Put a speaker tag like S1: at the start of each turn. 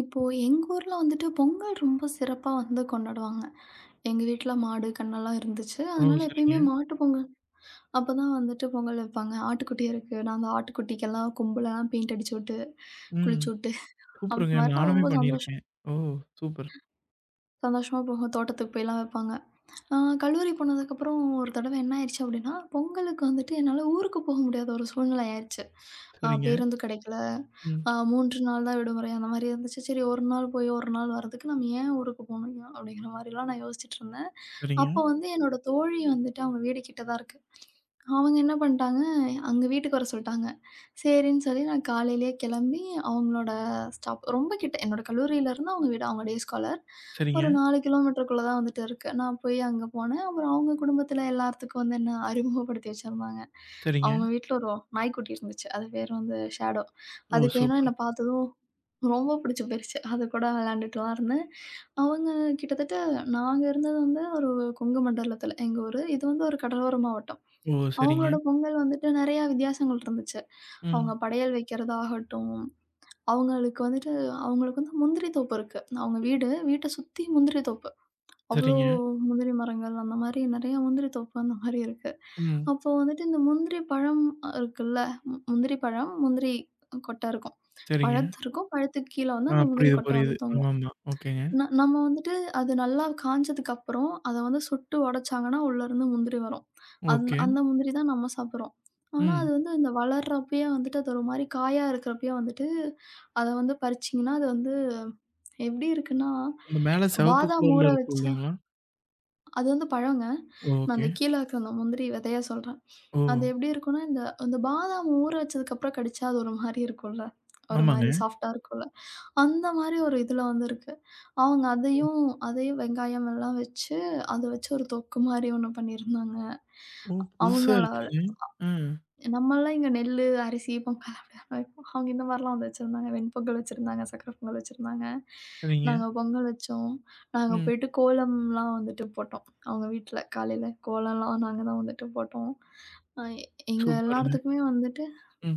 S1: இப்போ, எங்க ஊர்ல வந்துட்டு பொங்கல் ரொம்ப சிறப்பா வந்து கொண்டாடுவாங்க. எங்க வீட்ல மாடு, கன்னு எல்லாம் இருந்துச்சு.
S2: ஓ!
S1: அதனால
S2: சரிங்க.
S1: எப்பயமே மாட்டுப் பொங்கல் அப்பதான் வந்துட்டு பொங்கல் வைப்பாங்க. ஆட்டுக்குட்டி இருக்கு. நாங்க ஆட்டுக்குட்டிக்கெல்லாம் கொம்பெல்லாம் பெயிண்ட் அடிச்சு உட்டு,
S2: ம்.
S1: குளிச்சு உட்டு, அந்த
S2: சூப்பருங்க,
S1: மாதிரியெல்லாம்
S2: நானுமே
S1: ரொம்ப சந்தோஷம்
S2: பண்ணிருக்கேன். ஓ! சூப்பர்.
S1: சந்தோஷமா போயி, தோட்டத்துக்கு போயெல்லாம் வைப்பாங்க. ஆ, கல்லூரி போனதுக்கப்புறம் ஒரு தடவை என்ன ஆயிடுச்சு அப்படின்னா, பொங்கலுக்கு வந்துட்டு என்னால ஊருக்குப் போக முடியாத ஒரு சூழ்நிலை ஆயிருச்சு. ஆ,
S2: சரிங்க,
S1: பேருந்து கிடைக்கல,
S2: ம்.
S1: ஆ, 3 நாள்தான் விடுமுறை அந்த மாதிரி இருந்துச்சு. சரி, 1 நாள் போய், 1 வரதுக்கு நம்ம ஏன் ஊருக்குப் போகணும்? அப்படீங்கற மாதிரி எல்லாம் நான் யோசிச்சிட்டிருந்தேன். அப்போ
S2: சரிங்க.
S1: வந்து என்னோட தோழி வந்துட்டு, அவங்க வீடு கிட்டதான் இருக்கு. அவங்க என்ன பண்ணிட்டாங்க, அங்க வீட்டுக்கு வர சொல்ட்டாங்க. சரின்னு சொல்லி நான் காலையிலே கெளம்பி, அவங்களோட ஸ்டாப் ரொம்ப கிட்ட. என்னோட கல்லூரியில இருந்து அவங்க வீடு அவங்க டேஸ்காலர் ஒரு
S2: சரிங்க.
S1: 4 கிலோமீட்டர்குள்ள தான் வந்துட்டு இருக்கு. நான் போய் அங்க போனேன். அப்புறம் அவங்க குடும்பத்துல எல்லார்த்துக்கும் வந்து என்ன அறிமுகப்படுத்தி வச்சுருந்தாங்க.
S2: சரிங்க.
S1: அவங்க வீட்ல ஒரு வ் நாய்க்குட்டி இருந்துச்சு. அது பேரு வந்து ஸேடோ
S2: ஓ!
S1: அதுக்கு என்ன
S2: சூப்பர்.
S1: என்ன பாத்ததும் ரொம்ப புடிச்சு போயிருச்சு. அது கூட விளையாண்டுட்டுலாம் இருந்தேன். அவங்க கிட்டத்தட்ட நாங்க இருந்தது வந்து ஒரு கொங்கு மண்டலத்துல எங்க ஊரு. இது வந்து ஒரு கடலோர மாவட்டம்.
S2: ஓ! சரிங்க.
S1: அவங்களோட பொங்கல் வந்துட்டு நெறையா வித்தியாசங்கள் இருந்துச்சு. அவங்க
S2: ம்.
S1: படையல் வைக்கிறதாகட்டும், அவங்களுக்கு வந்துட்டு அவங்களுக்கு வந்து முந்திரி தோப்பு இருக்கு. அவங்க வீடு, வீட்ட சுத்தி முந்திரி தோப்பு. அவ்வளோ
S2: சரிங்க.
S1: முந்திரி மரங்கள், அந்த மாதிரி நெறைய முந்திரி தோப்பு, அந்த மாதிரி இருக்கு.
S2: ம்.
S1: அப்போ வந்துட்டு, இந்த முந்திரி பழம் அ, இருக்குல்ல, ம், முந்திரி பழம், முந்திரி கொட்ட இருக்கும்.
S2: சரிங்க.
S1: பழத்திருக்கும், பழத்துக்குக் கீழ
S2: ஆ,
S1: வந்து அந்த முந்திரி
S2: புரியுது,
S1: கொட்ட
S2: புரியுது.
S1: வந்து தொங்கும்.
S2: ஆமாமா. ஓகேங்க
S1: ந நம்ம வந்துட்டு, அது நல்லா காஞ்சதுக்கப்புறம், அத வந்து சுட்டு ஒடச்சாங்கன்னா உள்ள இருந்து முந்திரி வரும். அந்
S2: ஓகே.
S1: அந்த முந்திரிதான் நம்ம சாப்பிடுறோம். ஆனா, அது
S2: ம்.
S1: வந்து அந்த வளரப்பயே வந்துட்டு, அது ஒரு மாதிரி காயா இருக்கப்பயே வந்துட்டு அத வந்து பறிச்சீங்கன்னா, அது வந்து எப்படி இருக்குன்னா,
S2: இந்த மேல செவப்பு
S1: பாதாம் ஊற
S2: கலர்ல இருக்கும்.
S1: வச்சா
S2: இல்லைங்களா?
S1: அது வந்து பழங்க. நான்
S2: ஓகே.
S1: அந்த கீழ இருக்குற அந்த முந்திரி வெதைய சொல்றேன். அது
S2: ஓ!
S1: எப்படி இருக்கும்னா, இந்த இந்த பாதாம் ஊற வச்சதுக்கப்புறம் கடிச்சா, அது ஒரு மாதிரி இருக்கும்ல்ல ஒரு
S2: ஆமாங்க.
S1: மாரி சாஃப்ட்டா இருக்கும்ல்ல. அந்த மாதிரி ஒரு இதுல வந்து இருக்கு. அவங்க
S2: ஓ!
S1: அதையும் அதையும் வெங்காயம் எல்லாம் வெச்சு அத வச்சு ஒரு தொக்கு மாதிரி ஒண்ணு பண்ணி இருந்தாங்க.
S2: ஓ! புதுசா
S1: அவங்களால.
S2: இருக்குங்க! ஆ.
S1: நம்மல்லாம் இங்க நெல்லு, அரிசி பொங்கல் அப்டித்தானே வெப்போம். அவங்க இந்த மாதிரி எல்லாம் வச்சிருந்தாங்க. வெண் பொங்கல் வச்சிருந்தாங்க, சக்கரை பொங்கல் வச்சிருந்தாங்க
S2: சரிங்க.
S1: நாங்க பொங்கல் வச்சோம். நாங்க
S2: ம்.
S1: போயிட்டு கோலம்லாம் வந்துட்டு போட்டோம், அவங்க வீட்ல. காலையில கோலம்லாம் நாங்க தான் வந்துட்டு போட்டோம். ஆ, எ எங்க
S2: சூப்பருங்க.
S1: எல்லார்த்துக்குமே வந்துட்டு
S2: ம்.